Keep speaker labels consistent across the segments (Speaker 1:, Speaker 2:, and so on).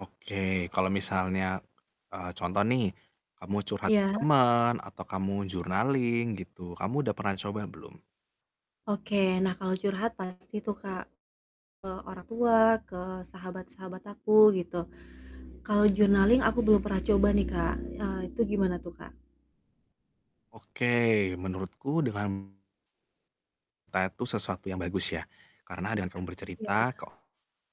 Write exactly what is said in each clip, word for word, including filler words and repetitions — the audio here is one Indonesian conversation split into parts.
Speaker 1: Oke, kalau misalnya, eee, contoh nih kamu curhat ke
Speaker 2: Iya.
Speaker 1: temen atau kamu journaling gitu, kamu udah pernah coba belum?
Speaker 2: Oke. Nah, kalau curhat pasti tuh Kak, ke orang tua, ke sahabat-sahabat aku, gitu. Kalau journaling aku belum pernah coba nih, Kak, eee, itu gimana tuh, Kak?
Speaker 1: Oke, menurutku dengan [unintelligible] itu sesuatu yang bagus ya. Karena dengan kamu
Speaker 2: Iya.
Speaker 1: bercerita ke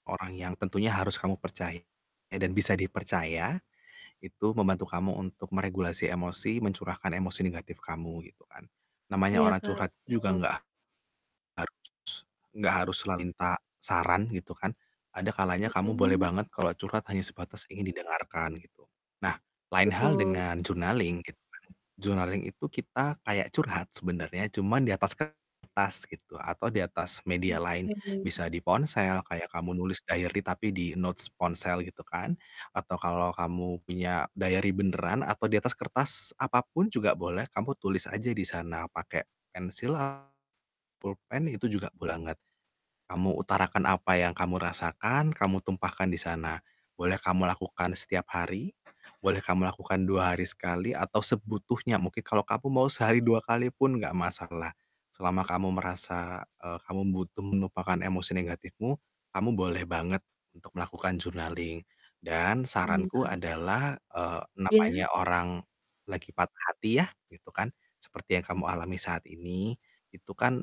Speaker 1: orang yang tentunya harus kamu percaya dan bisa dipercaya, itu membantu kamu untuk meregulasi emosi, mencurahkan emosi negatif kamu, gitu kan. Namanya
Speaker 2: Iya,
Speaker 1: orang
Speaker 2: Kak,
Speaker 1: curhat juga
Speaker 2: betul.
Speaker 1: nggak harus nggak harus selalu minta saran, gitu kan. Ada kalanya kamu boleh
Speaker 2: Mhm.
Speaker 1: banget kalau curhat hanya sebatas ingin didengarkan, gitu. Nah, lain hal
Speaker 2: Betul.
Speaker 1: dengan journaling gitu kan. Journaling itu kita kayak curhat sebenernya, cuman di atas kertas gitu atau di atas media
Speaker 2: Oke.
Speaker 1: lain. Bisa di ponsel kayak kamu nulis diary tapi di notes ponsel gitu kan, atau kalau kamu punya diary beneran atau diatas kertas apa pun juga boleh kamu tulis aja di sana pakai pensil, pulpen itu juga boleh banget. Kamu utarakan apa yang kamu rasakan, kamu tumpahkan di sana. Boleh kamu lakukan setiap hari, boleh kamu lakukan dua hari sekali atau sebutuhnya mungkin kalo kamu mau sehari dua kali pun nggak masalah. Selama kamu merasa, eee, kamu butuh menumpahkan emosi negatifmu kamu, boleh banget untuk melakukan journaling. Dan
Speaker 2: Oh,
Speaker 1: saranku
Speaker 2: iya.
Speaker 1: adalah, eee,
Speaker 2: Iya.
Speaker 1: namanya orang lagi patah hati ya, gitu kan, seperti yang kamu alami saat ini, itu kan